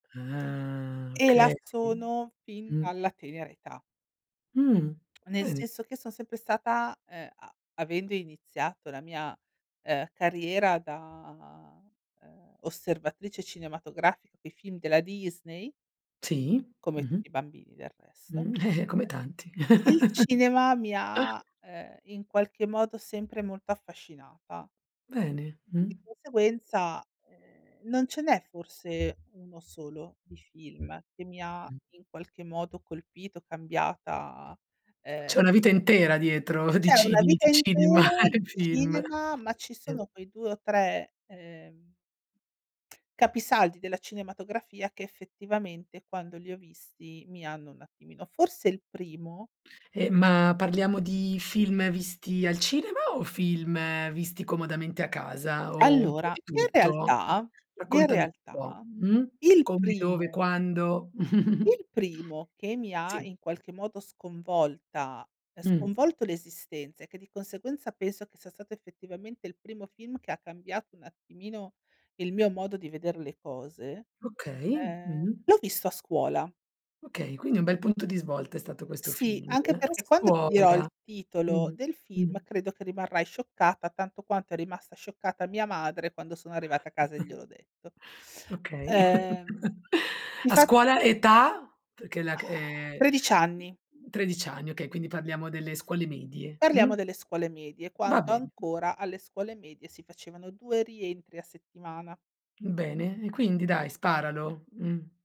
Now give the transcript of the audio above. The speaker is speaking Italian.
Ah. E là Okay, sono fin mh. dalla tenera età. Mh, Nel bene. senso che son sempre stata, ehm, a avendo iniziato la mia, uhm, carriera da, uhm, osservatrice cinematografica coi film della Disney Sì, come mh-mh. tutti i bambini del resto, Mh. Eh, come tanti. uhm, il cinema mi ha, ehm, in qualche modo sempre molto affascinata. Bene, Di mh. conseguenza, ehm, non ce n'è forse uno solo di film che mi ha Mh. in qualche modo colpito, cambiata, C'è ehm una vita intera dietro di C'è ci una di vita cinema intera di e film. cinema, ma ci Mh. sono quei 2 o 3, ehm, capisaldi della cinematografia che effettivamente, quando li ho visti, mi hanno un attimino forse il primo Eh, ma parliamo di film visti al cinema o film visti comodamente a casa o un po' Allora, di in tutto? realtà, in Raccontami un po', realtà mh. il Come, dove, primo quando. il primo che mi ha Sì. in qualche modo sconvolta, ehm, Mh. sconvolto l'esistenza e che di conseguenza penso che sia stato effettivamente il primo film che ha cambiato un attimino il mio modo di vedere le cose, Okay, ehm, mh-mh. l'ho visto a scuola. Okay, quindi un bel punto di svolta è stato questo Sì, film. anche A perché quando ti dirò il scuola. titolo Mh-mh. del film credo che rimarrai scioccata tanto quanto è rimasta scioccata mia madre quando sono arrivata a casa e gliel'ho detto. Okay. Ehm, A infat scuola, età? Perché è la c ehm, 13 anni. 13 anni, okay, quindi parliamo delle scuole medie, mh? Parliamo delle scuole medie, Va quando bene. ancora alle scuole medie si facevano 2 rientri a settimana. Bene, e quindi dai, sparalo, mh.